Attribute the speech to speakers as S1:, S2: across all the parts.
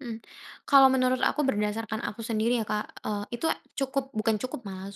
S1: Mmm, kalau menurut aku berdasarkan aku sendiri ya, Kak, eee, itu cukup bukan cukup malah,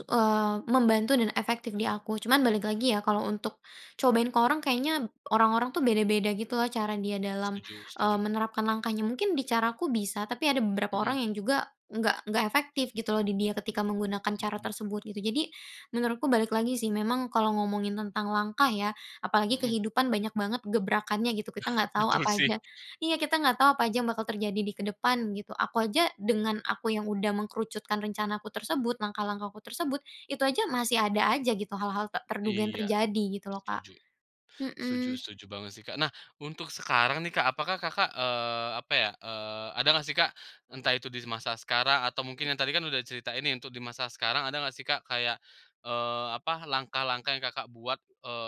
S1: membantu dan efektif di aku cuman balik lagi ya, kalau untuk cobain ke orang kayaknya orang-orang tuh beda-beda, gitu loh, cara dia dalam,
S2: Setuju
S1: eee,
S2: setuju.
S1: menerapkan langkahnya. Mungkin di caraku bisa, tapi ada beberapa orang
S2: Mhm.
S1: yang juga nggak nggak efektif, gitu loh, di dia ketika menggunakan cara
S2: Mhm.
S1: tersebut, gitu. Jadi menurutku balik lagi sih, memang kalau ngomongin tentang langkah ya, apalagi
S2: Mhm.
S1: kehidupan, banyak banget gebrakannya, gitu. Kita nggak tahu
S2: Betul,
S1: apa
S2: sih.
S1: aja iya, kita nggak tahu apa aja yang bakal terjadi di kedepan, gitu. Aku aja dengan aku yang udah mengerucutkan rencanaku tersebut, langkah-langkahku tersebut, itu aja masih ada aja gitu, hal-hal tak terduga yang
S2: Iya,
S1: terjadi, gitu loh, Kak.
S2: setuju. Setuju
S1: Mhm.
S2: setuju banget sih, Kak. Nah, untuk sekarang nih, Kak, apakah Kakak, eee, apa ya, eee, ada nggak sih, Kak, entah itu di masa sekarang, atau mungkin yang tadi kan udah cerita ini untuk di masa sekarang, ada nggak sih, Kak, kayak, eee, apa, langkah-langkah yang Kakak buat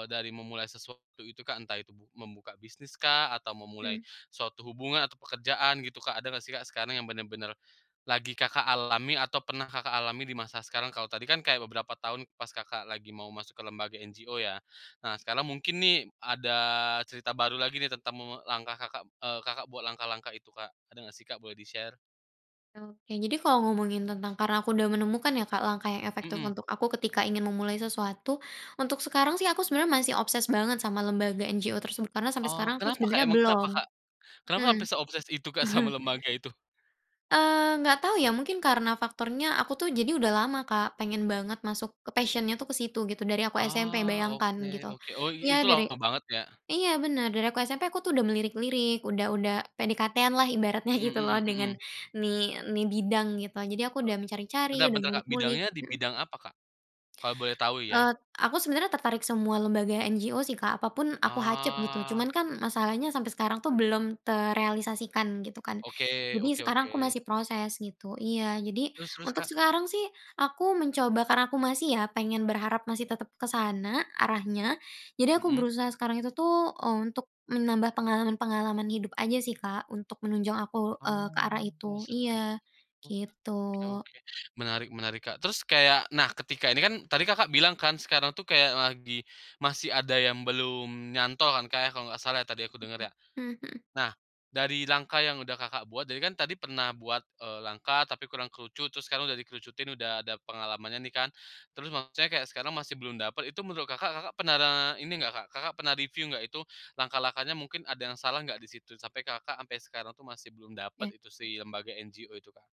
S2: dari, eee, memulai sesuatu itu, Kak, entah itu bu membuka bisnis kah, atau memulai
S1: Hmm.
S2: suatu hubungan atau pekerjaan gitu, Kak, ada nggak sih, Kak, sekarang yang bener-bener lagi Kakak alami atau pernah Kakak alami di masa sekarang kalau tadi kan kayak beberapa tahun pas Kakak lagi mau masuk ke lembaga NGO, ya. Nah, sekarang mungkin nih ada cerita baru lagi nih tentang langkah Kakak, eee, Kakak buat langkah-langkah itu, Kak, ada nggak sih, Kak? Boleh di-share?
S1: Oke, jadi kalau ngomongin tentang karena aku udah menemukan ya, Kak, langkah yang efektif
S2: Mhm.
S1: untuk aku ketika ingin memulai sesuatu, untuk sekarang sih aku sebenarnya masih obsess banget sama lembaga NGO tersebut karena sampai
S2: Oh,
S1: sekarang aku
S2: kenapa, Kak?
S1: sebenarnya
S2: Emang
S1: belum.
S2: kenapa, Kak? Kenapa
S1: Mmm.
S2: sampai se-obsess itu, Kak, sama lembaga itu?
S1: Eee, enggak tahu ya, mungkin karena faktornya aku tuh jadi udah lama, Kak, pengen banget masuk passion-nya tuh ke situ gitu, dari aku SMP,
S2: Oh,
S1: bayangkan, gitu.
S2: oke,-oke, oh,
S1: Iya,
S2: itu
S1: dari
S2: lama banget, ya?
S1: iya, bener, dari aku SMP aku tuh udah melirik-lirik, udah udah PDKT-an lah ibaratnya,
S2: Mhm
S1: gitu loh,
S2: mhm
S1: dengan
S2: mhm.
S1: nih nih bidang, gitu. Jadi aku udah mencari-cari,
S2: Bentar
S1: udah
S2: bentar, Kak,
S1: ngulik-ngulik
S2: bidangnya di
S1: mhm?
S2: bidang apa, Kak? Kalau boleh tahu, ya.
S1: Eee, aku sebenarnya tertarik semua lembaga NGO sih, Kak, apapun aku hacep, gitu.
S2: Ah.
S1: Cuman kan masalahnya sampai sekarang tuh belum terealisasikan, gitu kan.
S2: Oke,
S1: Jadi
S2: oke
S1: sekarang aku
S2: oke.
S1: masih proses, gitu. Iya, jadi
S2: Terus terus,
S1: untuk
S2: Kak?
S1: sekarang sih, aku mencoba karena aku masih ya, pengen berharap masih tetap ke sana arahnya jadi aku
S2: Mhm.
S1: berusaha sekarang itu tuh untuk menambah pengalaman-pengalaman hidup aja sih, Kak, untuk menunjang aku, eee, ke
S2: Oh,
S1: arah itu,
S2: setuju,
S1: iya,
S2: gitu.
S1: gitu.
S2: Oke oke, menarik menarik, Kak. Terus kayak nah, ketika ini kan, tadi Kakak bilang kan sekarang tuh kayak lagi masih ada yang belum nyantol kan, kayak kalau nggak salah tadi aku denger, ya.
S1: Mhm mhm.
S2: Nah, dari langkah yang udah Kakak buat jadi kan tadi pernah buat, eee, langkah tapi kurang kerucut terus udah kerucutin udah ada pengalamannya nih kan, terus maksudnya kayak sekarang masih belum dapat itu menurut Kakak, Kakak pernah ini nggak, pernah review nggak itu langkah-langkahnya mungkin ada yang salah nggak di situ, sampai Kakak sampai sekarang tuh masih belum dapat
S1: Eh.
S2: itu sih lembaga NGO itu, Kak?